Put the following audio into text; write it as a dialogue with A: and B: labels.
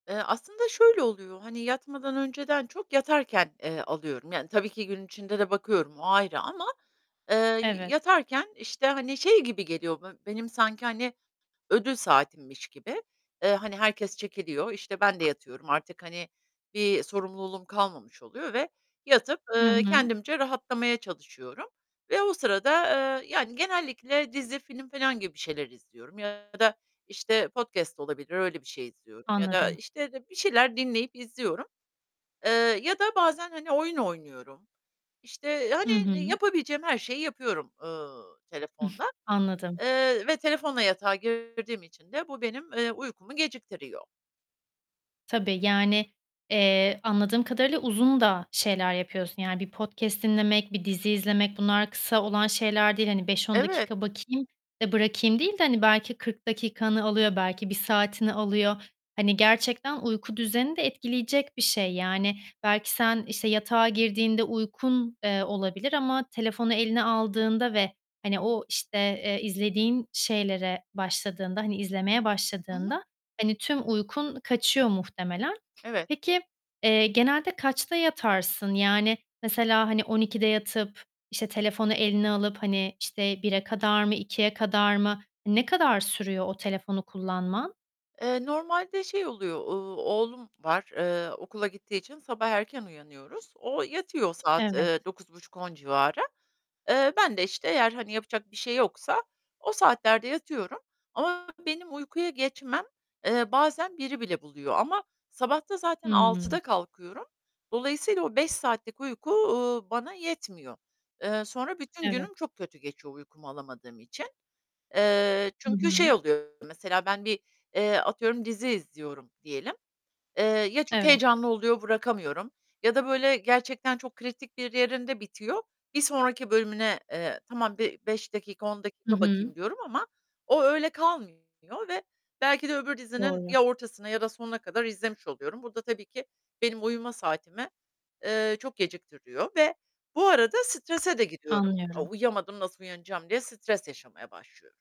A: Eee, aslında şöyle oluyor: Hani yatmadan önceden çok yatarken, eee, alıyorum. Yani tabii ki gün içinde de bakıyorum o ayrı ama, eee, y
B: Evet.
A: yatarken, işte, hani, şey gibi geliyor: Be benim sanki hani ödül saatimmiş gibi, eee, hani herkes çekiliyor, işte, ben de yatıyorum artık; hani bir sorumluluğum kalmamış oluyor ve yatıp,
B: Hı
A: eee,
B: hı.
A: kendimce rahatlamaya çalışıyorum ve o sırada, eee, yani genellikle dizi, film filan gibi bir şeyler izliyorum ya da, işte, podcast olabilir. Öyle bir şey izliyorum ya da,
B: Anladım.
A: işte, de bir şeyler dinleyip izliyorum, eee, ya da bazen, hani, oyun oynuyorum. İşte,
B: Hı
A: hani,
B: hı.
A: yapabileceğim her şeyi yapıyorum, ııı,
B: Ih,
A: telefonla,
B: anladım.
A: eee, ve telefonla yatağa girdiğim için de bu benim, eee, uykumu geciktiriyor.
B: Tabii, yani, eee, anladığım kadarıyla uzun da şeyler yapıyorsun, yani bir podcast dinlemek, bir dizi izlemek, bunlar kısa olan şeyler değil. Hani 5-10
A: Evet.
B: dakika bakayım, eee, bırakayım değil de, hani, belki 40 dakikanı alıyor, belki 1 saatini alıyor. Hani gerçekten uyku düzenini de etkileyecek bir şey, yani belki sen, işte, yatağa girdiğinde uykun, eee, olabilir ama telefonu eline aldığında ve, hani, o, işte, eee, izlediğin şeylere başladığında, hani izlemeye
A: Hı hı.
B: başladığında hani tüm uykun kaçıyor muhtemelen.
A: Evet.
B: Peki, eee, genelde kaçta yatarsın? Yani mesela hani 00.00'da yatıp, işte, telefonu eline alıp, hani, işte 01.00'a kadar mı, 02.00'a kadar mı? Ne kadar sürüyor o telefonu kullanman?
A: Eee, normalde şey oluyor, uuu, oğlum var, eee, okula gittiği için sabah erken uyanıyoruz. O yatıyor saat,
B: Evet.
A: eee, 21.30-22.00 civarı. Eee, ben de işte eğer hani yapacak bir şey yoksa o saatlerde yatıyorum ama benim uykuya geçmem, eee, bazen 01.00'a bile buluyor ama sabah da zaten
B: Hımm.
A: 06.00'da kalkıyorum. Dolayısıyla o 5 saatlik uyku, uuu, bana yetmiyor. Eee, sonra bütün
B: Evet.
A: günüm çok kötü geçiyor uykumu alamadığım için. Eee,
B: Hı
A: çünkü şey
B: hı.
A: oluyor, mesela ben bir atıyorum, eee, dizi izliyorum diyelim, eee, ya çok
B: Evet.
A: heyecanlı oluyor bırakamıyorum ya da böyle gerçekten çok kritik bir yerinde bitiyor, bir sonraki bölümüne, eee, tamam bir 5 dakika, 10
B: Hı
A: dakika
B: hı.
A: bakayım diyorum ama o öyle kalmıyor ve belki de öbür dizinin
B: Doğru.
A: ya ortasına ya da sonuna kadar izlemiş oluyorum. Burada tabii ki benim uyuma saatimi, eee, çok geciktiriyor ve bu arada strese de gidiyorum. Aaa,
B: Anlıyorum.
A: uyuyamadım nasıl uyanacağım diye stres yaşamaya başlıyorum.